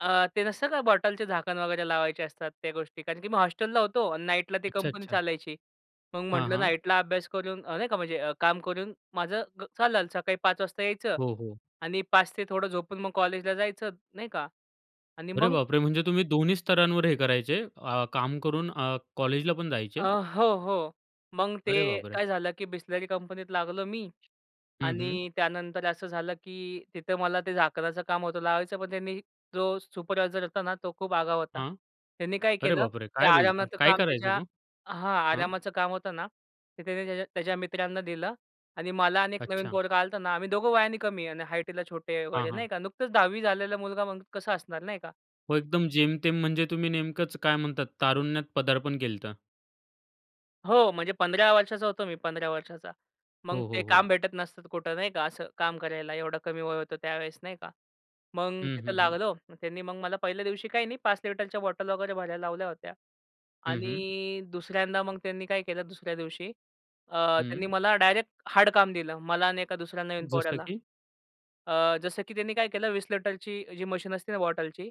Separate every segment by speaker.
Speaker 1: अ, ते नसतं का बॉटलचे झाकण वगैरे लावायचे असतात त्या गोष्टी. कारण की मी हॉस्टेलला होतो आणि नाईटला ती
Speaker 2: अच्छा,
Speaker 1: कंपनी
Speaker 2: अच्छा.
Speaker 1: चालायची. मग
Speaker 2: हां,
Speaker 1: म्हटलं
Speaker 2: हां.
Speaker 1: नाईटला अभ्यास करून अ, नाही का म्हणजे काम करून, माझं ग चालेल. सकाळी 5 वाजता यायचं
Speaker 2: हो, हो.
Speaker 1: आणि 5 ते थोडं झोपून मग कॉलेजला जायचं, नाही का? आणि
Speaker 2: अरे
Speaker 1: मग
Speaker 2: बापरे! म्हणजे तुम्ही दोन्ही स्तरांवर हे करायचे अ, काम करून अ, कॉलेजला पण
Speaker 1: अ,
Speaker 2: जायचे?
Speaker 1: हो, हो. मग ते
Speaker 2: अरे बापरे!
Speaker 1: काय झालं की बिसलेरी कंपनीत लागलो मी
Speaker 2: हं, हं.
Speaker 1: आणि त्यानंतर असं झालं, की तिथं मला ते झाकणाचं काम होतं लावायचं पण त्यांनी जो सुपरवायझर होता ना, तो खूप आगाऊ होता.
Speaker 2: हां,
Speaker 1: त्यांनी काय
Speaker 2: अरे
Speaker 1: केलं,
Speaker 2: बापरे!
Speaker 1: ते
Speaker 2: काय बोलता?
Speaker 1: आरामाचं
Speaker 2: काय
Speaker 1: काम
Speaker 2: करायचं
Speaker 1: त्याच्या
Speaker 2: तो?
Speaker 1: हां,
Speaker 2: हं.
Speaker 1: आरामाचं काम होतं ना? ते त्याने त्याच्या त्याच्या मित्रांना दिलं आणि मला अनेक नवीन
Speaker 2: अच्छा.
Speaker 1: पोरगं आल्ताना, आम्ही 2घं वयाने कमी आणि हाईटला छोटे
Speaker 2: हां,
Speaker 1: वगैरे,
Speaker 2: हां.
Speaker 1: नाही का. नुकतंच 10वी झालेला मुलगा म्हणजे कसं असणार नाही का.eee
Speaker 2: हो, एकदम जेमतेम म्हणजे तुम्ही नेमकच काय म्हणतात तारुण्यात पदार्पण केलत.
Speaker 1: हो, म्हणजे 15 वर्षाचा होतो मी 15 वर्षाचा. मग
Speaker 2: हो, हो,
Speaker 1: ते
Speaker 2: हो.
Speaker 1: काम भेटत नसतात कुठं नाही का असं काम करायला, एवढं कमी वय होतं त्यावेळेस, नाही का. मग
Speaker 2: हं,
Speaker 1: तिथं
Speaker 2: हं, हं.
Speaker 1: लागलो. त्यांनी मग मला पहिल्या दिवशी काही नाही 5 लिटरच्या बॉटल वगैरे भरायला लावल्या होत्या
Speaker 2: हं, हं.
Speaker 1: आणि दुसऱ्यांदा मग त्यांनी काय केलं दुसऱ्या दिवशी अ, त्यांनी
Speaker 2: हं.
Speaker 1: मला डायरेक्ट हार्ड काम दिलं. मला आणि एका दुसऱ्या नवीन
Speaker 2: जसं
Speaker 1: पोर्याला.
Speaker 2: की?
Speaker 1: अ, जसं की त्यांनी काय केलं 20 लीटरची जी मशीन असते ना बॉटलची,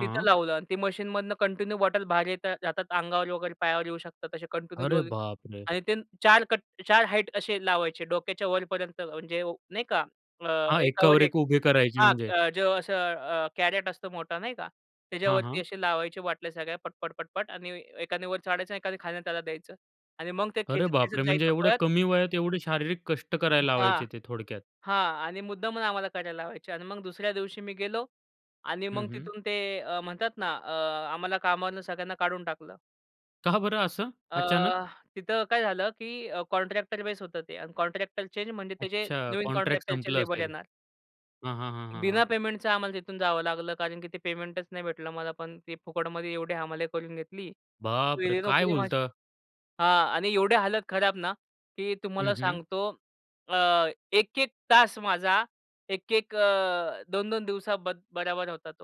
Speaker 1: तिथं लावलं आणि ती मशीनमधनं कंटिन्यू बॉटल बाहेर येतात जातात अंगावर वगैरे पायावर येऊ शकतात, असे
Speaker 2: अरे
Speaker 1: कंटिन्यू [unintelligible]
Speaker 2: बापरे!
Speaker 1: आणि ते 4 कट 4 हाईट असे लावायचे डोक्याच्या वरपर्यंत, म्हणजे नाही का. अ,
Speaker 2: हां,
Speaker 1: एकावर
Speaker 2: एकावर
Speaker 1: एक
Speaker 2: एक उभे करायचे
Speaker 1: हां,
Speaker 2: म्हणजे.
Speaker 1: अ, जो असं अ, कॅरेट असतो मोठा नाही का?
Speaker 2: हां,
Speaker 1: त्याच्यावरती
Speaker 2: हां.
Speaker 1: असे लावायचे बाटल्या सगळ्या पटपट-पटपट आणि ए एकाने वर चढायचं आणि एकाने खालून त्याला द्यायचं आणि मग ते
Speaker 2: अरे बापरे!
Speaker 1: खेचत-खेचत
Speaker 2: म्हणजे
Speaker 1: जायचं
Speaker 2: एवढ्या
Speaker 1: पळत.
Speaker 2: कमी वयात एवढे शारीरिक कष्ट करायला
Speaker 1: हां,
Speaker 2: लावायचे ते थोडक्यात.
Speaker 1: हां आणि मुद्दामून आम्हाला करायला लावायची अन् मग दुसऱ्या दिवशी मी गेलो आणि
Speaker 2: हं,
Speaker 1: मग
Speaker 2: हं.
Speaker 1: तिथून ते अ, म्हणतात ना अ, आम्हाला कामावरून सगळ्यांना काढून टाकलं.
Speaker 2: का बरं असं,
Speaker 1: अ,
Speaker 2: अचानक?
Speaker 1: तिथं काय झालं की अ, कॉन्ट्रॅक्टर बेस होतं ते अन् कॉन्ट्रॅक्टरचे आणि म्हणजे त्याचे
Speaker 2: अच्छा
Speaker 1: नवीन
Speaker 2: कॉन्ट्रॅक्ट
Speaker 1: कॉन्ट्रॅक्टरचे
Speaker 2: संपलं
Speaker 1: लेबर
Speaker 2: असेल.
Speaker 1: येणार.
Speaker 2: हां, हां, हां, हां,
Speaker 1: बिना
Speaker 2: हां.
Speaker 1: पेमेंटचं आम्हाला तिथून जावं लागलं कारण की ते पेमेंटच नाही भेटलं मला पण. ते फुकटमध्ये एवढी हमाली करून घेतली.
Speaker 2: बापरे!
Speaker 1: गेली
Speaker 2: काय
Speaker 1: नोकरी माझी.
Speaker 2: बोलता?
Speaker 1: हां आणि एवढी हालत खराब ना, की
Speaker 2: हं,
Speaker 1: तुम्हाला
Speaker 2: हं.
Speaker 1: सांगतो अ, 1-1 तास माझा 1-1 अ 2-2 दिवसां ब बरोबर होता तो.